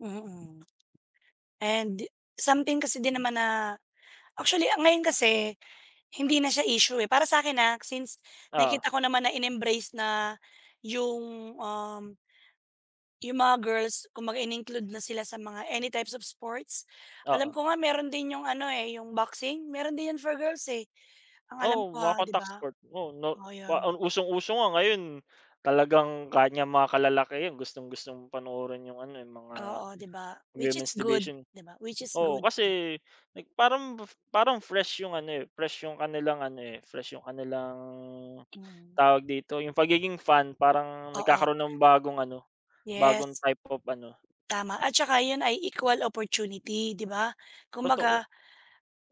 Mhm. And something kasi di naman na actually ang ngayon kasi, hindi na siya isyu, eh, para sa'kin, ah, since Oo. nakikita ko naman na in-embrace na yung um yung mga girls, kumbaga in-include na sila sa mga any types of sports. Alam Oo. ko nga meron din yung ano, eh, yung boxin, meron din yun for girls eh. Ang alam Oo, ko, mga ah, di contact ba? sport. Oo, no Oo yun. usong-uso nga ngayon talagang ganyang mga kalalakihan gustong-gustong panoorin yung ano, eh, yung mga Oo, di ba? Which is women's good division di ba? Which is Oo good, 'no. kasi parang, parang fresh yung ano, eh, fresh yung kanilang ano ,eh, fresh yung kanilang, Mhm. tawag dito yung pagiging fan parang Oo. nagkakaroon ng bagong ano, Yes. bagong type of ano Tama at tsaka yun ay equal opportunity di ba? Kumbaga, Totoo.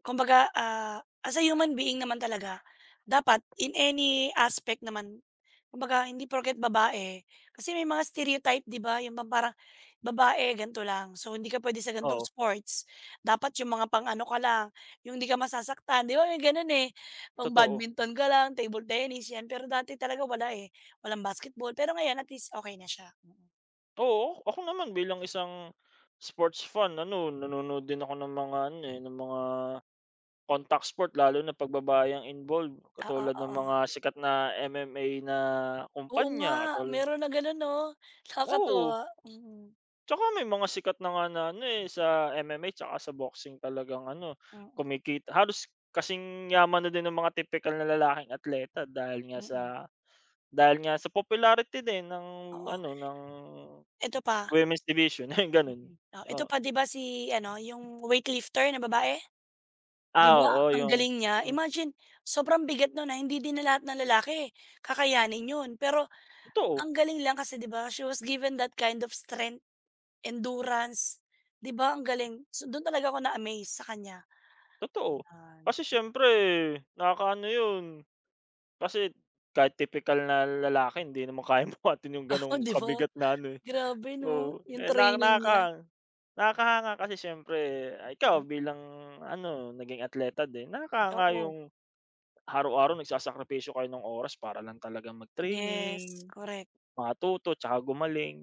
kumbaga, ah, as a human being naman talaga dapat in any aspect naman. Kumbaga hindi porke't babae kasi may mga stereotype di ba, yung parang babae ganito lang. So hindi ka pwede sa ganitong Oo. sports. Dapat yung mga pang-ano ka lang, yung hindi ka masasaktan di ba? May ganun, eh. Pang Totoo. badminton ka lang, table tennis, yan. Pero dati talaga wala, eh, walang basketball, pero ngayon at least okey na siya mm. Oo, ako naman bilang isang, sport's fan, ano nanonood din ako ng mga ano, eh, ng mga contact sport. Lalo na pag babae ang involved Oo, katulad ng oo. mga sikat na MMA na Oo nga, kumpanya katulad meron ng ganun 'no? Oo. Nakakatuwa, hmm. Tsaka may mga sikat na nga na ano, eh, sa MMA tsaka sa boxing talagang ano, Mm. kumikita, halos kasing yaman na din ng mga tipikal na lalaking atleta dahil nga sa Mm. dahil nga sa popularity din ng Oo. ano ng Eto pa women's division, eh, ganun. Mm, o eto Oo. pa di ba si ano yung weightlifter na babae, di Ah, ba? oo, Ang yung galing niya. hmm. Imagine, sobrang bigat nun na hindi din na lahat ng lalaki kakayanin yun. Pero Totoo. ang galing lang kasi di ba? She was given that kind of strength, endurance di ba? Ang galing! So dun talaga ako na-amaze sa kanya Totoo, yan. kasi siyempre nakaka ano yun. Kasi kahit tipikal na lalaki hindi naman kayang buhatin yung Uh, ganong di ba? kabigat na ano, eh Grabe 'no, oo. yung Eh, naka training niya. nakang nakakahanga kasi siyempre ikaw bilang ano naging atleta din nakakahanga Oo. yung araw-araw nagsasakripisyo kayo ng oras para lang talagang Yes, mag-training, korek. matuto, tsaka gumaling.